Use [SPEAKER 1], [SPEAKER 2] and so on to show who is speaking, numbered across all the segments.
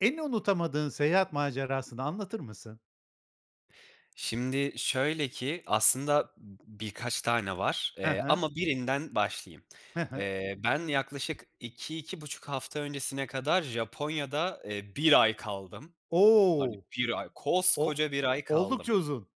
[SPEAKER 1] En unutamadığın seyahat macerasını anlatır mısın?
[SPEAKER 2] Şimdi şöyle ki, aslında birkaç tane var.
[SPEAKER 1] Hı
[SPEAKER 2] Eee,
[SPEAKER 1] hı.
[SPEAKER 2] ama birinden başlayayım.
[SPEAKER 1] Hı hı.
[SPEAKER 2] Eee, ben yaklaşık 2-2,5 hafta öncesine kadar Japonya'da, eee, 1 ay kaldım. Hani,
[SPEAKER 1] O!
[SPEAKER 2] 1 ay,
[SPEAKER 1] O
[SPEAKER 2] koskoca 1 ay kaldım.
[SPEAKER 1] oldukça uzun.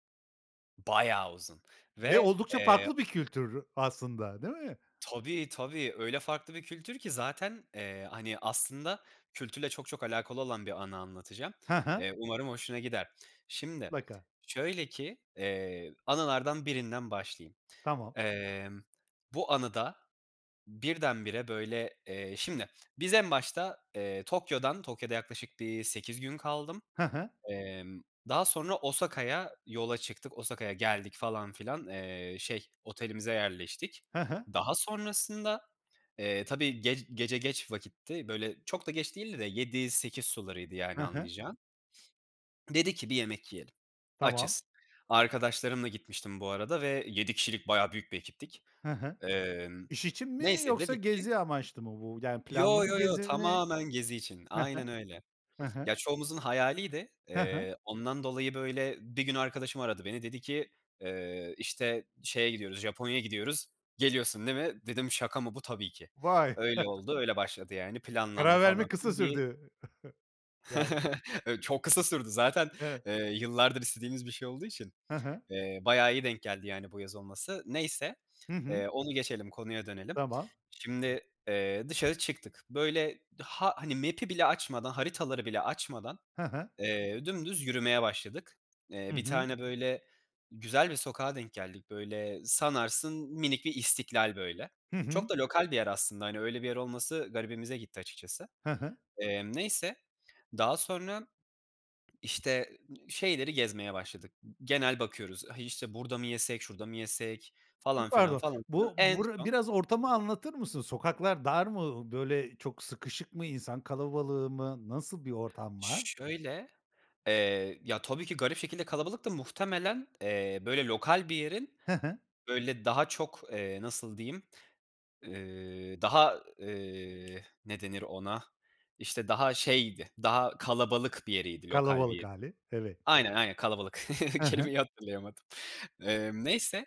[SPEAKER 2] Bayağı uzun
[SPEAKER 1] Ve
[SPEAKER 2] ve,
[SPEAKER 1] oldukça
[SPEAKER 2] eee
[SPEAKER 1] farklı bir kültür aslında, değil mi?
[SPEAKER 2] Tabii, tabii, öyle farklı bir kültür ki zaten, eee, hani, aslında kültürle çok çok alakalı olan bir anı anlatacağım.
[SPEAKER 1] Hı hı.
[SPEAKER 2] Eee, umarım hoşuna gider. Şimdi
[SPEAKER 1] Mutlaka.
[SPEAKER 2] şöyle ki, eee, anılardan birinden başlayayım.
[SPEAKER 1] Tamam.
[SPEAKER 2] Emm, bu anı da birdenbire, böyle eee, şimdi, biz en başta, eee, Tokyo’dan Tokyo’da yaklaşık bir 8 gün kaldım.
[SPEAKER 1] Hı hı.
[SPEAKER 2] Emm, daha sonra Osaka’ya yola çıktık. Osaka’ya geldik falan filan, eee, şey otelimize yerleştik.
[SPEAKER 1] Hı hı.
[SPEAKER 2] Daha sonrasında, eee, tabii gec gece geç vakitti, böyle, çok da geç değildi de 7-8 sularıydı,
[SPEAKER 1] Hı
[SPEAKER 2] yani,
[SPEAKER 1] hı.
[SPEAKER 2] anlayacağın. Dedik ki bir yemek yiyelim.
[SPEAKER 1] Tamam.
[SPEAKER 2] Açız. Arkadaşlarımla gitmiştim bu arada ve 7 kişilik bayağı büyük bir ekiptik.
[SPEAKER 1] Hı hı,
[SPEAKER 2] Emm,
[SPEAKER 1] iş için mi
[SPEAKER 2] neyse
[SPEAKER 1] yoksa
[SPEAKER 2] dedik ki
[SPEAKER 1] gezi amaçlı mı bu? Yani,
[SPEAKER 2] Yo,
[SPEAKER 1] planlı bir
[SPEAKER 2] yo, yo,
[SPEAKER 1] gezi mi?
[SPEAKER 2] tamamen gezi için.
[SPEAKER 1] Hı
[SPEAKER 2] Aynen
[SPEAKER 1] hı.
[SPEAKER 2] öyle.
[SPEAKER 1] Hı hı.
[SPEAKER 2] Ya, çoğumuzun hayaliydi.
[SPEAKER 1] Hı hı.
[SPEAKER 2] Eee, ondan dolayı, böyle, bir gün arkadaşım aradı beni dedi ki, eee, işte, şeye gidiyoruz, Japonya’ya gidiyoruz, geliyorsun değil mi? Dedim şaka mı bu? Tabii ki.
[SPEAKER 1] Vay!
[SPEAKER 2] Öyle oldu, öyle başladı, yani, planlandı,
[SPEAKER 1] Karar
[SPEAKER 2] falan
[SPEAKER 1] vermek kısa
[SPEAKER 2] filan. Bir
[SPEAKER 1] sürdü. Yani.
[SPEAKER 2] Ö çok kısa sürdü zaten,
[SPEAKER 1] [unintelligible]
[SPEAKER 2] ııı, yıllardır istediğimiz bir şey olduğu için,
[SPEAKER 1] Hı hı.
[SPEAKER 2] eee, bayağı iyi denk geldi, yani, bu yaz olması. Neyse,
[SPEAKER 1] Hı hı.
[SPEAKER 2] eee, onu geçelim, konuya dönelim.
[SPEAKER 1] Tamam.
[SPEAKER 2] Şimdi, eee, dışarı çıktık. Böyle, ha hani, map’i bile açmadan, haritaları bile açmadan,
[SPEAKER 1] Hı hı.
[SPEAKER 2] eee, dümdüz yürümeye başladık. Eee,
[SPEAKER 1] Hı
[SPEAKER 2] bir
[SPEAKER 1] hı.
[SPEAKER 2] tane böyle güzel bir sokağa denk geldik, böyle, sanarsın minik bir İstiklal, böyle.
[SPEAKER 1] Hı
[SPEAKER 2] Çok
[SPEAKER 1] hı.
[SPEAKER 2] da lokal bir yer aslında, hani, öyle bir yer olması garibimize gitti açıkçası.
[SPEAKER 1] Hı hı.
[SPEAKER 2] Emm, neyse, daha sonra, işte, şeyleri gezmeye başladık, g genel bakıyoruz, işte burada mı yesek, şurada mı yesek falan
[SPEAKER 1] Çok
[SPEAKER 2] filan,
[SPEAKER 1] pardon.
[SPEAKER 2] falan filan.
[SPEAKER 1] Bu,
[SPEAKER 2] En
[SPEAKER 1] bura
[SPEAKER 2] son
[SPEAKER 1] biraz ortamı anlatır mısın? Sokaklar dar mı? Iıı, böyle, çok sıkışık mı? İnsan kalabalığı mı? Nasıl bir ortam var?
[SPEAKER 2] Şöyle, eee, ya, tabii ki garip şekilde kalabalıktı, muhtemelen, eee, böyle lokal bir yerin
[SPEAKER 1] Hı hı.
[SPEAKER 2] böyle daha çok, eee, nasıl diyeyim, ııı, daha, ııı, ne denir ona, işte, daha şeydi, daha kalabalık bir yeriydi lokal bir
[SPEAKER 1] Kalabalık
[SPEAKER 2] yerin.
[SPEAKER 1] hâli, evet.
[SPEAKER 2] Aynen, aynen kalabalık
[SPEAKER 1] Hı hı.
[SPEAKER 2] kelimeyi hatırlayamadım. Emm, neyse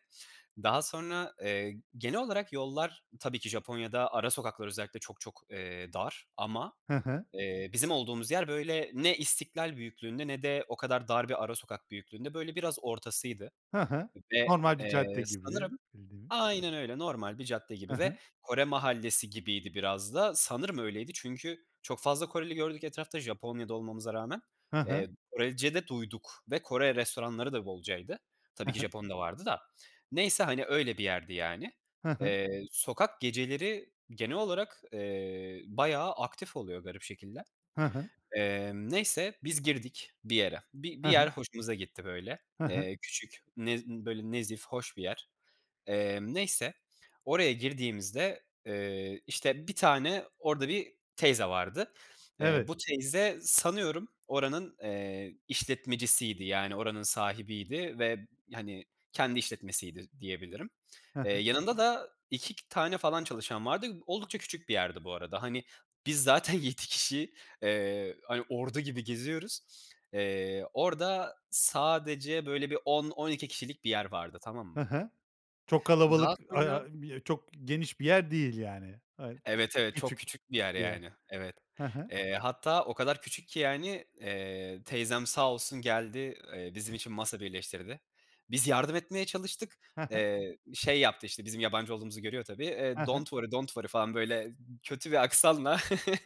[SPEAKER 2] daha sonra, eee, genel olarak yollar tabii ki Japonya’da ara sokaklar özellikle çok çok, eee, dar ama,
[SPEAKER 1] Hı hı.
[SPEAKER 2] eee, bizim olduğumuz yer böyle ne İstiklal büyüklüğünde ne de o kadar dar bir ara sokak büyüklüğünde, böyle, biraz ortasıydı
[SPEAKER 1] Hı hı.
[SPEAKER 2] ve,
[SPEAKER 1] Normal bir
[SPEAKER 2] eee,
[SPEAKER 1] cadde gibi,
[SPEAKER 2] sanırım,
[SPEAKER 1] bildiğimiz.
[SPEAKER 2] aynen öyle, normal bir cadde
[SPEAKER 1] Hı
[SPEAKER 2] gibi ve
[SPEAKER 1] hı.
[SPEAKER 2] Kore mahallesi gibiydi biraz da, sanırım öyleydi çünkü çok fazla Koreli gördük etrafta Japonya’da olmamıza rağmen.
[SPEAKER 1] Hı hı.
[SPEAKER 2] Eee, Korece de duyduk ve Kore restoranları da bolcaydı.
[SPEAKER 1] Hı
[SPEAKER 2] Tabii ki
[SPEAKER 1] hı.
[SPEAKER 2] Japon da vardı da. Neyse, hani, öyle bir yerdi, yani.
[SPEAKER 1] Hı hı.
[SPEAKER 2] Eee, sokak geceleri genel olarak, eee, bayağı aktif oluyor garip şekilde.
[SPEAKER 1] Hı hı.
[SPEAKER 2] Emm, neyse biz girdik bir yere. Bi
[SPEAKER 1] Hı
[SPEAKER 2] bir yer
[SPEAKER 1] hı.
[SPEAKER 2] hoşumuza gitti, böyle,
[SPEAKER 1] Hı hı.
[SPEAKER 2] eee, küçük, nez böyle, nezih hoş bir yer. Emm, neyse oraya girdiğimizde, eee, işte, bir tane orada bir teyze vardı. Eee,
[SPEAKER 1] Evet.
[SPEAKER 2] bu teyze sanıyorum oranın, eee, işletmecisiydi, yani, oranın sahibiydi ve, hani, kendi işletmesiydi diyebilirim.
[SPEAKER 1] Hı
[SPEAKER 2] Eee,
[SPEAKER 1] hı.
[SPEAKER 2] yanında da 2 tane falan çalışan vardı. Oldukça küçük bir yerdi bu arada. Hani, biz zaten 7 kişi, eee, hani, ordu gibi geziyoruz. Eee, orada sadece böyle bir 10-12 kişilik bir yer vardı, tamam
[SPEAKER 1] Hı
[SPEAKER 2] mı?
[SPEAKER 1] hı. Çok
[SPEAKER 2] Daha
[SPEAKER 1] kalabalık
[SPEAKER 2] sonra
[SPEAKER 1] [unintelligible] çok geniş bir yer değil, yani. Ha,
[SPEAKER 2] Evet, evet, çok
[SPEAKER 1] küçük
[SPEAKER 2] küçük bir yer,
[SPEAKER 1] bir yer.
[SPEAKER 2] yani. Evet.
[SPEAKER 1] Hı hı.
[SPEAKER 2] Eee, hatta o kadar küçük ki, yani, eee, teyzem sağ olsun geldi, eee, bizim için masa birleştirdi. Biz yardım etmeye çalıştık,
[SPEAKER 1] Hı hı.
[SPEAKER 2] eee, şey yaptı, işte, bizim yabancı olduğumuzu görüyor tabii.
[SPEAKER 1] Hı
[SPEAKER 2] Eee,
[SPEAKER 1] hı.
[SPEAKER 2] "Don't worry, don't worry" falan böyle kötü bir aksanla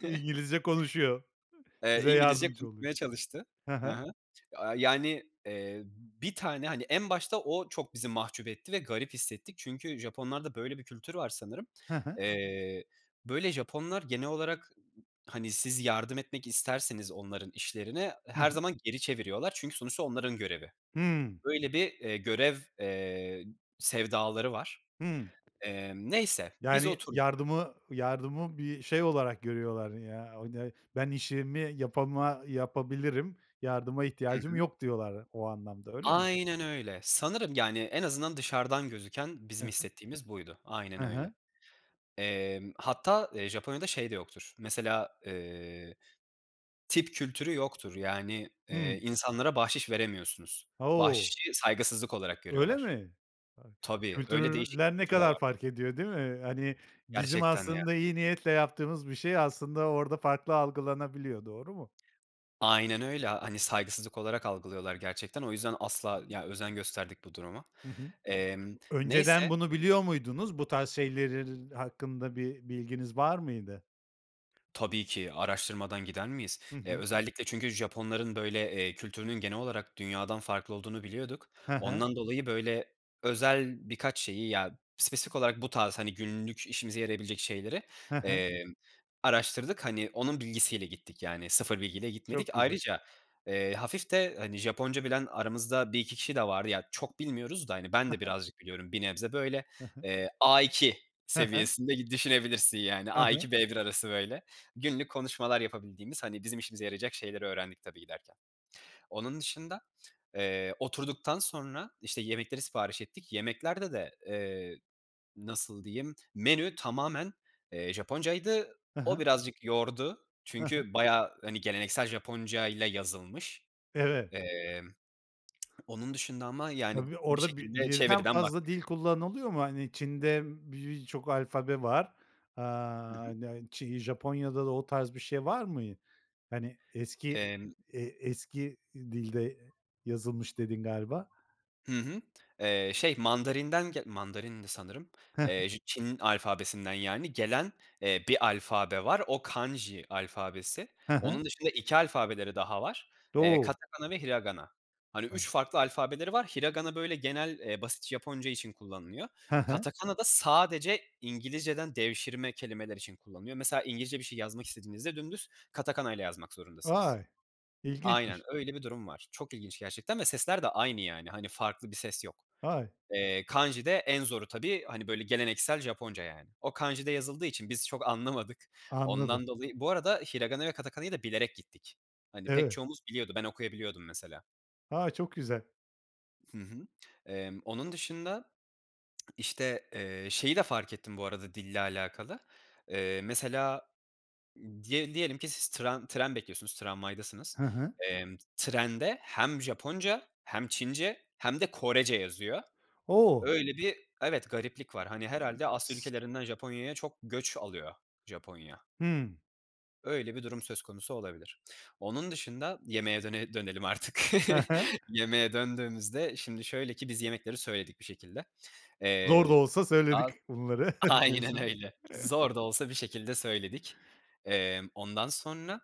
[SPEAKER 1] İngilizce konuşuyor.
[SPEAKER 2] Eee,
[SPEAKER 1] Size
[SPEAKER 2] İngilizce
[SPEAKER 1] yardımcı oluyor.
[SPEAKER 2] konuşmaya çalıştı.
[SPEAKER 1] Hı
[SPEAKER 2] Hı
[SPEAKER 1] hı.
[SPEAKER 2] hı. Aaa, yani, eee, bir tane, hani, en başta o çok bizi mahcup etti ve garip hissettik. Çünkü Japonlarda böyle bir kültür var sanırım.
[SPEAKER 1] Hı hı.
[SPEAKER 2] Eee, böyle, Japonlar genel olarak, hani, siz yardım etmek isterseniz onların işlerine
[SPEAKER 1] Hı
[SPEAKER 2] her
[SPEAKER 1] hı.
[SPEAKER 2] zaman geri çeviriyorlar. Çünkü sonuçta onların görevi.
[SPEAKER 1] Hımm.
[SPEAKER 2] Böyle bir, eee, görev, eee, sevdaları var.
[SPEAKER 1] Hımm.
[SPEAKER 2] Emm, neyse, biz
[SPEAKER 1] Yani,
[SPEAKER 2] oturduk.
[SPEAKER 1] yardımı yardımı bir şey olarak görüyorlar, ya. [unintelligible] ben işimi yapama yapabilirim, yardıma
[SPEAKER 2] Hı
[SPEAKER 1] ihtiyacım
[SPEAKER 2] hı.
[SPEAKER 1] yok diyorlar o anlamda, öyle mi?
[SPEAKER 2] Aynen öyle. Sanırım, yani, en azından dışarıdan gözüken
[SPEAKER 1] Hı
[SPEAKER 2] bizim
[SPEAKER 1] hı.
[SPEAKER 2] hissettiğimiz buydu,
[SPEAKER 1] Hı
[SPEAKER 2] aynen
[SPEAKER 1] hı.
[SPEAKER 2] öyle. Emm, hatta, eee, Japonya'da şey de yoktur, mesela, eee, tip kültürü yoktur, yani, eee,
[SPEAKER 1] Hımm.
[SPEAKER 2] insanlara bahşiş veremiyorsunuz.
[SPEAKER 1] O!
[SPEAKER 2] Bahşişi saygısızlık olarak
[SPEAKER 1] Öyle
[SPEAKER 2] görüyorlar.
[SPEAKER 1] mi? [unintelligible]
[SPEAKER 2] Tabii, öyle değişik bir
[SPEAKER 1] Kültürler ne
[SPEAKER 2] kültür de
[SPEAKER 1] kadar
[SPEAKER 2] var.
[SPEAKER 1] fark ediyor, değil mi? Hani, bizim
[SPEAKER 2] Gerçekten ya.
[SPEAKER 1] aslında iyi niyetle yaptığımız bir şey aslında orada farklı algılanabiliyor, doğru mu?
[SPEAKER 2] Aynen öyle, a hani, saygısızlık olarak algılıyorlar, gerçekten. O yüzden asla, ya, özen gösterdik bu duruma.
[SPEAKER 1] Hı hı,
[SPEAKER 2] Emm,
[SPEAKER 1] önceden
[SPEAKER 2] neyse.
[SPEAKER 1] bunu biliyor muydunuz? Bu tarz şeyleri hakkında bir bilginiz var mıydı?
[SPEAKER 2] Tabii ki araştırmadan gider miyiz?
[SPEAKER 1] Hı
[SPEAKER 2] Eee,
[SPEAKER 1] hı.
[SPEAKER 2] özellikle çünkü Japonların böyle, eee, kültürünün genel olarak dünyadan farklı olduğunu biliyorduk.
[SPEAKER 1] He he.
[SPEAKER 2] Ondan dolayı, böyle, özel birkaç şeyi, ya, spesifik olarak bu tarz, hani, günlük işimize yarayabilecek şeyleri,
[SPEAKER 1] He he.
[SPEAKER 2] emm, araştırdık. Hani, onun bilgisiyle gittik, yani, sıfır bilgiyle gitmedik.
[SPEAKER 1] Çok güzel.
[SPEAKER 2] Ayrıca, eee, hafif de, hani, Japonca bilen aramızda 1-2 kişi de vardı. Ya, çok bilmiyoruz da, hani, ben
[SPEAKER 1] He
[SPEAKER 2] de
[SPEAKER 1] he.
[SPEAKER 2] birazcık biliyorum, bir nebze böyle,
[SPEAKER 1] Hı hı.
[SPEAKER 2] eee, A2
[SPEAKER 1] He he.
[SPEAKER 2] seviyesinde gi düşünebilirsin, yani,
[SPEAKER 1] Hı hı.
[SPEAKER 2] A2, B1 arası, böyle, günlük konuşmalar yapabildiğimiz, hani, bizim işimize yarayacak şeyleri öğrendik tabii giderken. Onun dışında, eee, oturduktan sonra, işte, yemekleri sipariş ettik. Yemeklerde de, eee, nasıl diyeyim menü tamamen, eee, Japoncaydı.
[SPEAKER 1] He he.
[SPEAKER 2] O birazcık yordu
[SPEAKER 1] He he.
[SPEAKER 2] çünkü bayağı, hani, geleneksel Japonca ile yazılmış.
[SPEAKER 1] Evet.
[SPEAKER 2] Emm, onun dışında ama, yani,
[SPEAKER 1] Tabii,
[SPEAKER 2] bir
[SPEAKER 1] orada bir
[SPEAKER 2] şekilde
[SPEAKER 1] birden
[SPEAKER 2] çeviriden
[SPEAKER 1] fazla dil
[SPEAKER 2] baktık.
[SPEAKER 1] kullanılıyor mu? Hani, Çin'de b birçok alfabe var.
[SPEAKER 2] Hı
[SPEAKER 1] Aaa,
[SPEAKER 2] hı.
[SPEAKER 1] [unintelligible] Japonya'da da o tarz bir şey var mı? Hani, eski,
[SPEAKER 2] Emm
[SPEAKER 1] eee, eski dilde yazılmış, dedin galiba.
[SPEAKER 2] Hı hı, eee, şey, Mandarin'den ge Mandarin'di sanırım,
[SPEAKER 1] He he.
[SPEAKER 2] eee, j Çin alfabesinden, yani, gelen, eee, bir alfabe var, o kanji alfabesi.
[SPEAKER 1] He he.
[SPEAKER 2] Onun dışında 2 alfabeleri daha var. Eee,
[SPEAKER 1] Do
[SPEAKER 2] katakana ve hiragana. Hani, 3 farklı alfabeleri var. Hiragana böyle genel, eee, basitçe Japonca için kullanılıyor.
[SPEAKER 1] He he.
[SPEAKER 2] Katakana da sadece İngilizceden devşirme kelimeler için kullanılıyor. Mesela İngilizce bir şey yazmak istediğinizde dümdüz katakana'yla yazmak zorundasınız.
[SPEAKER 1] Vay,
[SPEAKER 2] Aynen
[SPEAKER 1] ilginçmiş.
[SPEAKER 2] öyle bir durum var. Çok ilginç gerçekten ve sesler de aynı, yani, hani, farklı bir ses yok.
[SPEAKER 1] Vay.
[SPEAKER 2] Eee, kanji de en zoru tabii, hani, böyle, geleneksel Japonca, yani. O kanji'de yazıldığı için biz çok anlamadık
[SPEAKER 1] Anladım.
[SPEAKER 2] ondan dolayı. Bu arada hiragana ve katakana'yı da bilerek gittik. Hani, pek
[SPEAKER 1] Evet.
[SPEAKER 2] çoğumuz biliyordu, ben okuyabiliyordum, mesela.
[SPEAKER 1] A! Çok güzel.
[SPEAKER 2] Hı hı. Emm, onun dışında, işte, eee, şeyi de fark ettim bu arada dille alakalı. Eee, mesela diye diyelim ki siz tıran tren bekliyorsunuz, tramvaydasınız.
[SPEAKER 1] Hı hı.
[SPEAKER 2] Emm, trende hem Japonca hem Çince hem de Korece yazıyor.
[SPEAKER 1] O!
[SPEAKER 2] Öyle bir Evet gariplik var. Hani, herhâlde Asya
[SPEAKER 1] [unintelligible]
[SPEAKER 2] ülkelerinden Japonya'ya çok göç alıyor Japonya.
[SPEAKER 1] Hımm.
[SPEAKER 2] Öyle bir durum söz konusu olabilir. Onun dışında yemeğe döne dönelim artık.
[SPEAKER 1] Ha ha.
[SPEAKER 2] Yemeğe döndüğümüzde, şimdi, şöyle ki biz yemekleri söyledik bir şekilde.
[SPEAKER 1] Zor da
[SPEAKER 2] Eee,
[SPEAKER 1] olsa söyledik
[SPEAKER 2] [unintelligible]
[SPEAKER 1] bunları
[SPEAKER 2] aynen
[SPEAKER 1] diyorsun.
[SPEAKER 2] öyle zor da olsa bir şekilde söyledik. Emm, ondan sonra,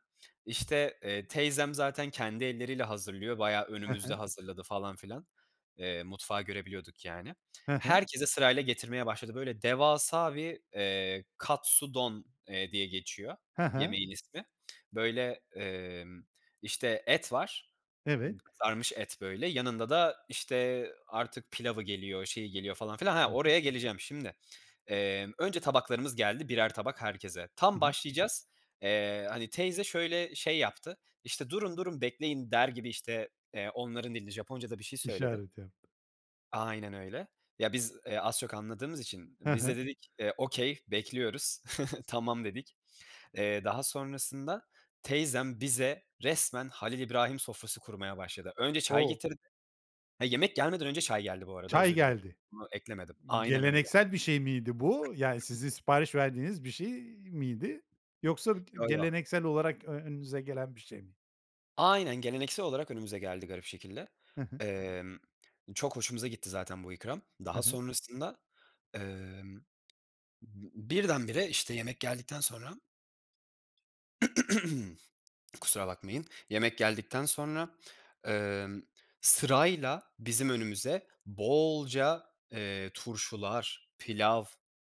[SPEAKER 2] işte, eee, teyzem zaten kendi elleriyle hazırlıyor, bayağı
[SPEAKER 1] He
[SPEAKER 2] önümüzde
[SPEAKER 1] he.
[SPEAKER 2] hazırladı falan filan, eee, mutfağı görebiliyorduk, yani.
[SPEAKER 1] He he.
[SPEAKER 2] Herkese sırayla getirmeye başladı. Böyle devasa bir, eee, katsudon, eee, diye geçiyor
[SPEAKER 1] He he.
[SPEAKER 2] yemeğin ismi. Böyle, emm, işte, et var,
[SPEAKER 1] Evet.
[SPEAKER 2] kızarmış et, böyle, yanında da, işte, artık pilavı geliyor, şeyi geliyor falan filan
[SPEAKER 1] Hı
[SPEAKER 2] Ha,
[SPEAKER 1] hı.
[SPEAKER 2] oraya geleceğim. Şimdi, emm, önce tabaklarımız geldi, birer tabak herkese.
[SPEAKER 1] I
[SPEAKER 2] Tam
[SPEAKER 1] hı.
[SPEAKER 2] başlayacağız. Eee, hani, teyze şöyle şey yaptı, işte, "Durun, durun, bekleyin." der gibi, işte, eee, onların dilinde Japonca’da bir şey söyledi.
[SPEAKER 1] İşaret yaptı.
[SPEAKER 2] Aynen öyle. Ya biz, eee, az çok anladığımız için
[SPEAKER 1] He
[SPEAKER 2] biz
[SPEAKER 1] he.
[SPEAKER 2] de dedik, eee, okay bekliyoruz, tamam dedik. Eee, daha sonrasında teyzem bize resmen Halil İbrahim sofrası kurmaya başladı. Önce çay
[SPEAKER 1] O!
[SPEAKER 2] getirdi. He, yemek gelmeden önce çay geldi bu arada,
[SPEAKER 1] Çay
[SPEAKER 2] özür dilerim,
[SPEAKER 1] geldi.
[SPEAKER 2] bunu eklemedim aynen öyle.
[SPEAKER 1] Geleneksel bir şey miydi bu? Yani sizin sipariş verdiğiniz bir şey miydi? Yoksa b
[SPEAKER 2] Yo yo.
[SPEAKER 1] geleneksel olarak ö önünüze gelen bir şey mi?
[SPEAKER 2] Aynen, geleneksel olarak önümüze geldi garip şekilde.
[SPEAKER 1] He he.
[SPEAKER 2] Emm, çok hoşumuza gitti zaten bu ikram.
[SPEAKER 1] He
[SPEAKER 2] Daha
[SPEAKER 1] he.
[SPEAKER 2] sonrasında, emm, b birdenbire işte yemek geldikten sonra kusura bakmayın. Yemek geldikten sonra, emm, sırayla bizim önümüze bolca, eee, turşular, pilav,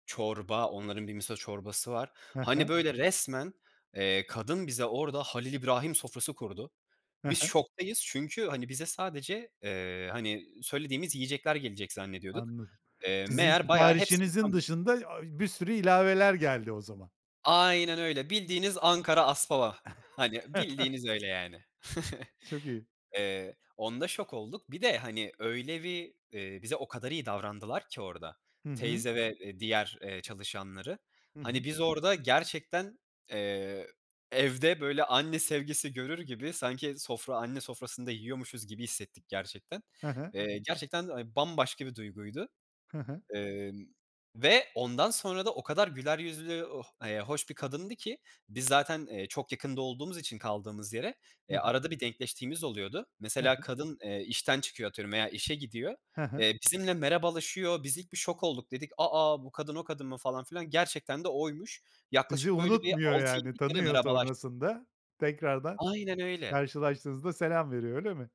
[SPEAKER 2] çorba, onların bir miso çorbası var.
[SPEAKER 1] He he.
[SPEAKER 2] Hani böyle resmen, eee, kadın bize orada Halil İbrahim sofrası kurdu.
[SPEAKER 1] He
[SPEAKER 2] Biz
[SPEAKER 1] he.
[SPEAKER 2] şoktayız. Çünkü hani bize sadece, eee, hani söylediğimiz yiyecekler gelecek zannediyorduk.
[SPEAKER 1] Anladım.
[SPEAKER 2] Eee,
[SPEAKER 1] Sizin
[SPEAKER 2] meğer bayağı hepsi
[SPEAKER 1] siparişinizin
[SPEAKER 2] ikrammış.
[SPEAKER 1] dışında, aaa, bir sürü ilaveler geldi o zaman.
[SPEAKER 2] Aynen öyle, bildiğiniz Ankara aspava. Hani bildiğiniz öyle yani.
[SPEAKER 1] Çok iyi.
[SPEAKER 2] Eee, onda şok olduk. Bir de hani öyle bir, eee, bize o kadar iyi davrandılar ki orada
[SPEAKER 1] Hı hı.
[SPEAKER 2] teyze ve, eee, diğer eee çalışanları
[SPEAKER 1] Hı hı.
[SPEAKER 2] hani biz orada gerçekten, eee, evde böyle anne sevgisi görür gibi, sanki sofra anne sofrasında yiyormuşuz gibi hissettik gerçekten.
[SPEAKER 1] He he.
[SPEAKER 2] Eee, gerçekten, aaa, bambaşka bir duyguydu,
[SPEAKER 1] He he.
[SPEAKER 2] emm, ve ondan sonra da o kadar güler yüzlü oh eee, hoş bir kadındı ki biz zaten, eee, çok yakında olduğumuz için kaldığımız yere,
[SPEAKER 1] Hı
[SPEAKER 2] eee,
[SPEAKER 1] hı.
[SPEAKER 2] arada bir denkleştiğimiz oluyordu.
[SPEAKER 1] He
[SPEAKER 2] Mesela
[SPEAKER 1] he.
[SPEAKER 2] kadın, eee, işten çıkıyor, atıyorum, veya işe gidiyor.
[SPEAKER 1] He he.
[SPEAKER 2] Eee, bizimle merhabalaşıyor, biz ilk bir şok olduk, dedik, "A, a! Bu kadın o kadın mı?" falan filan, gerçekten de oymuş.
[SPEAKER 1] Sizi
[SPEAKER 2] Yaklaşık böyle bir
[SPEAKER 1] unutmuyor
[SPEAKER 2] altı
[SPEAKER 1] yani
[SPEAKER 2] yedi kere
[SPEAKER 1] tanıyor
[SPEAKER 2] merhabalaştık.
[SPEAKER 1] sonrasında. Tekrardan
[SPEAKER 2] Aynen öyle.
[SPEAKER 1] karşılaştığınızda selam veriyor, öyle mi?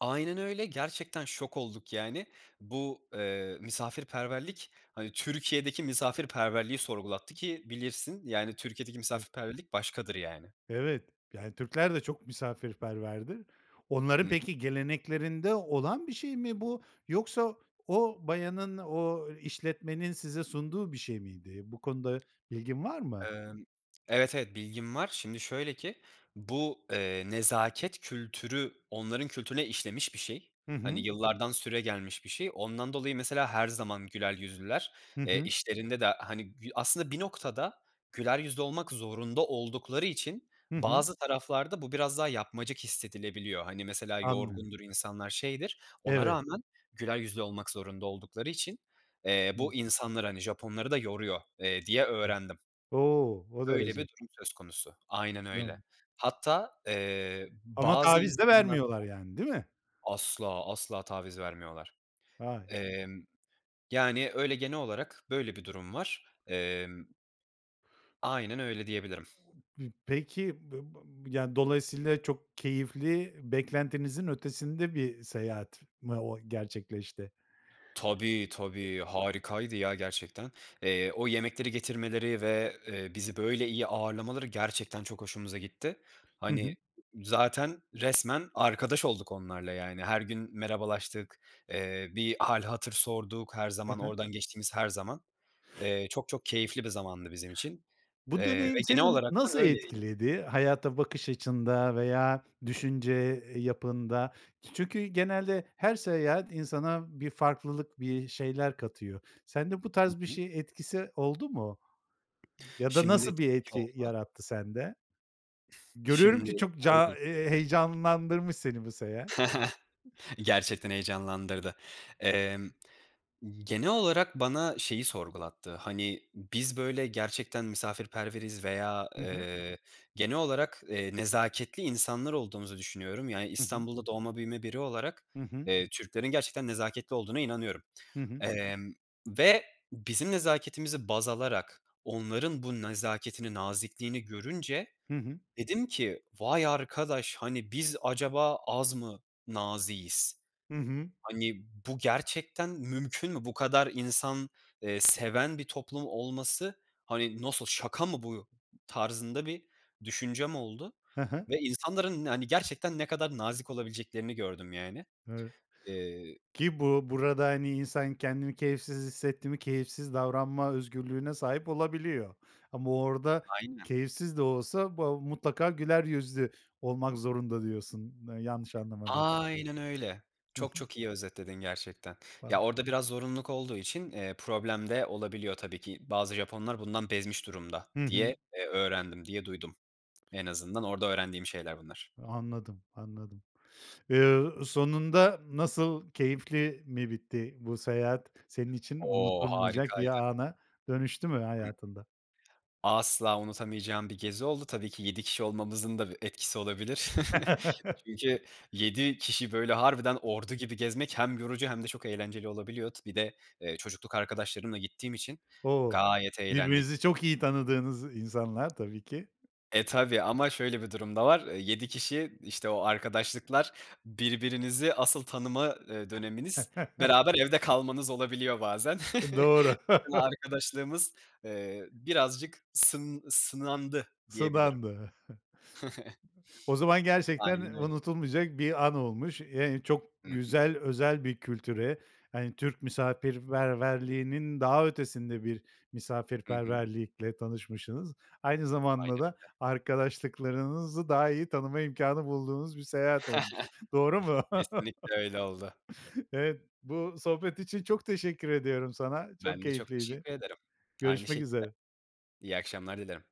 [SPEAKER 2] Aynen öyle. Gerçekten şok olduk, yani. Bu, eee, misafirperverlik, hani, Türkiye'deki misafirperverliği sorgulattı ki bilirsin, yani, Türkiye'deki
[SPEAKER 1] [unintelligible]
[SPEAKER 2] misafirperverlik başkadır, yani.
[SPEAKER 1] Evet. Yani, Türkler de çok misafirperverdir.
[SPEAKER 2] Hı
[SPEAKER 1] Onların
[SPEAKER 2] hı.
[SPEAKER 1] peki, geleneklerinde olan bir şey mi bu? Yoksa o bayanın, o işletmenin size sunduğu bir şey miydi? Bu konuda bilgin var mı?
[SPEAKER 2] Emm, evet, evet, bilgim var. Şimdi şöyle ki bu, eee, nezaket kültürü onların kültürüne işlemiş bir şey.
[SPEAKER 1] Hı
[SPEAKER 2] Hani,
[SPEAKER 1] hı.
[SPEAKER 2] yıllardan süregelmiş bir şey. Ondan dolayı, mesela, her zaman güler yüzlüler.
[SPEAKER 1] Hı
[SPEAKER 2] Eee,
[SPEAKER 1] hı.
[SPEAKER 2] işlerinde de, hani, gü aslında bir noktada güler yüzlü olmak zorunda oldukları için
[SPEAKER 1] Hı hı.
[SPEAKER 2] bazı taraflarda bu biraz daha yapmacık hissedilebiliyor. Hani, mesela
[SPEAKER 1] Anlıyorum.
[SPEAKER 2] yorgundur insanlar, şeydir, ona
[SPEAKER 1] Evet.
[SPEAKER 2] rağmen güler yüzlü olmak zorunda oldukları için, eee, bu
[SPEAKER 1] [unintelligible]
[SPEAKER 2] insanları, hani Japonları da yoruyor, eee, diye öğrendim.
[SPEAKER 1] O! O
[SPEAKER 2] Öyle bir
[SPEAKER 1] derece.
[SPEAKER 2] durum söz konusu. Aynen öyle.
[SPEAKER 1] [unintelligible]
[SPEAKER 2] Hatta, eee,
[SPEAKER 1] Ama
[SPEAKER 2] bazı
[SPEAKER 1] taviz de
[SPEAKER 2] insanlarda
[SPEAKER 1] vermiyorlar, yani, değil mi?
[SPEAKER 2] Asla asla taviz vermiyorlar.
[SPEAKER 1] Vay.
[SPEAKER 2] Emm, yani, öyle genel olarak böyle bir durum var. Emm Aynen öyle, diyebilirim.
[SPEAKER 1] P peki, b b yani, dolayısıyla çok keyifli, beklentinizin ötesinde bir seyahat mı o gerçekleşti?
[SPEAKER 2] Tabii, tabii, harikaydı, ya, gerçekten. Eee, o yemekleri getirmeleri ve, eee, bizi böyle iyi ağırlamaları gerçekten çok hoşumuza gitti.
[SPEAKER 1] Hı
[SPEAKER 2] Hani,
[SPEAKER 1] hı.
[SPEAKER 2] zaten resmen arkadaş olduk onlarla, yani. Her gün merhabalaştık, eee, bir hâl hatır sorduk her
[SPEAKER 1] He
[SPEAKER 2] zaman,
[SPEAKER 1] he.
[SPEAKER 2] oradan geçtiğimiz her zaman. Eee, çok çok keyifli bir zamandı bizim için,
[SPEAKER 1] Bu
[SPEAKER 2] eee, ve
[SPEAKER 1] deneyim
[SPEAKER 2] genel
[SPEAKER 1] seni
[SPEAKER 2] olarak
[SPEAKER 1] nasıl
[SPEAKER 2] da öyley
[SPEAKER 1] etkiledi? Hayata bakış açında veya düşünce yapında. Çünkü genelde her seyahat insana bir farklılık, bir şeyler katıyor. Sende bu
[SPEAKER 2] Hı
[SPEAKER 1] tarz bir
[SPEAKER 2] hı.
[SPEAKER 1] şey etkisi oldu mu? Ya da
[SPEAKER 2] Şimdi,
[SPEAKER 1] nasıl bir
[SPEAKER 2] tabii ki
[SPEAKER 1] etki
[SPEAKER 2] oldu.
[SPEAKER 1] yarattı sende? Görüyorum ki
[SPEAKER 2] Şimdi
[SPEAKER 1] çok
[SPEAKER 2] şöyle
[SPEAKER 1] ca
[SPEAKER 2] ki.
[SPEAKER 1] eee, heyecanlandırmış seni bu seyahat.
[SPEAKER 2] Gerçekten heyecanlandırdı. Emm, genel olarak bana şeyi sorgulattı, hani, biz, böyle, gerçekten misafirperveriz veya,
[SPEAKER 1] Hı hı.
[SPEAKER 2] eee, genel olarak, eee, nezaketli insanlar olduğumuzu düşünüyorum. Yani,
[SPEAKER 1] Hı hı.
[SPEAKER 2] İstanbul'da doğma büyüme biri olarak,
[SPEAKER 1] Hı hı.
[SPEAKER 2] eee, Türklerin gerçekten nezaketli olduğuna inanıyorum,
[SPEAKER 1] Hı hı.
[SPEAKER 2] emm, ve bizim nezaketimizi baz alarak onların bu nezaketini, nazikliğini görünce
[SPEAKER 1] Hı hı.
[SPEAKER 2] dedim ki vay arkadaş, hani, biz acaba az mı naziğiz?
[SPEAKER 1] Hı hı.
[SPEAKER 2] Hani, bu gerçekten mümkün mü? Bu kadar insan, eee, seven bir toplum olması, hani nasıl, şaka mı bu tarzında bir düşüncem oldu
[SPEAKER 1] He he.
[SPEAKER 2] ve insanların, hani, gerçekten ne kadar nazik olabileceklerini gördüm, yani.
[SPEAKER 1] Doğru.
[SPEAKER 2] Eee
[SPEAKER 1] Ki bu burada, hani, insan kendini keyifsiz hissetti mi keyifsiz davranma özgürlüğüne sahip olabiliyor ama orada
[SPEAKER 2] Aynen.
[SPEAKER 1] keyifsiz de olsa, ba mutlaka güler yüzlü olmak zorunda, diyorsun yanlış anlamadıysam.
[SPEAKER 2] Aynen öyle.
[SPEAKER 1] Hı
[SPEAKER 2] Çok
[SPEAKER 1] hı.
[SPEAKER 2] çok iyi özetledin gerçekten.
[SPEAKER 1] Bam
[SPEAKER 2] Ya, orada biraz zorunluluk olduğu için, eee, problem de olabiliyor, tabii ki. Bazı Japonlar bundan bezmiş durumda
[SPEAKER 1] Hı hı.
[SPEAKER 2] diye, eee, öğrendim diye duydum. En azından orada öğrendiğim şeyler bunlar.
[SPEAKER 1] Anladım, anladım. Eee, sonunda nasıl keyifli mi bitti? Bu seyahat senin için
[SPEAKER 2] O,
[SPEAKER 1] unutulmayacak bir
[SPEAKER 2] harikaydı.
[SPEAKER 1] ana dönüştü mü hayatında?
[SPEAKER 2] Asla unutamayacağım bir gezi oldu. Tabii ki 7 kişi olmamızın da bir etkisi olabilir. Çünkü 7 kişi, böyle, harbiden ordu gibi gezmek hem yorucu hem de çok eğlenceli olabiliyor. T bir de eee çocukluk arkadaşlarımla gittiğim için
[SPEAKER 1] O,
[SPEAKER 2] gayet eğlendik.
[SPEAKER 1] birbirinizi çok iyi tanıdığınız insanlar, tabii ki.
[SPEAKER 2] E, tabii ama şöyle bir durum da var. Eee, 7 kişi, işte, o arkadaşlıklar, birbirinizi asıl tanıma, eee, döneminiz beraber evde kalmanız olabiliyor bazen.
[SPEAKER 1] Doğru.
[SPEAKER 2] Arkadaşlığımız, eee, birazcık sın sınandı, diyebilirim.
[SPEAKER 1] Sınandı. O zaman gerçekten
[SPEAKER 2] Aynen öyle.
[SPEAKER 1] unutulmayacak bir an olmuş. Eee, çok
[SPEAKER 2] Hı hı.
[SPEAKER 1] güzel, özel bir kültüre, hani, Türk misafirperverliğinin daha ötesinde bir
[SPEAKER 2] Hı hı.
[SPEAKER 1] misafirperverlikle tanışmışsınız. Aynı
[SPEAKER 2] Aynen
[SPEAKER 1] zamanda da
[SPEAKER 2] öyle.
[SPEAKER 1] arkadaşlıklarınızı daha iyi tanıma imkânı bulduğunuz bir seyahat olmuş. Doğru mu?
[SPEAKER 2] Kesinlikle öyle oldu.
[SPEAKER 1] Evet, bu sohbet için çok teşekkür ediyorum sana. Çok
[SPEAKER 2] Ben de çok
[SPEAKER 1] keyifliydi.
[SPEAKER 2] teşekkür ederim. Aynı
[SPEAKER 1] Görüşmek
[SPEAKER 2] şekilde,
[SPEAKER 1] üzere.
[SPEAKER 2] iyi akşamlar dilerim.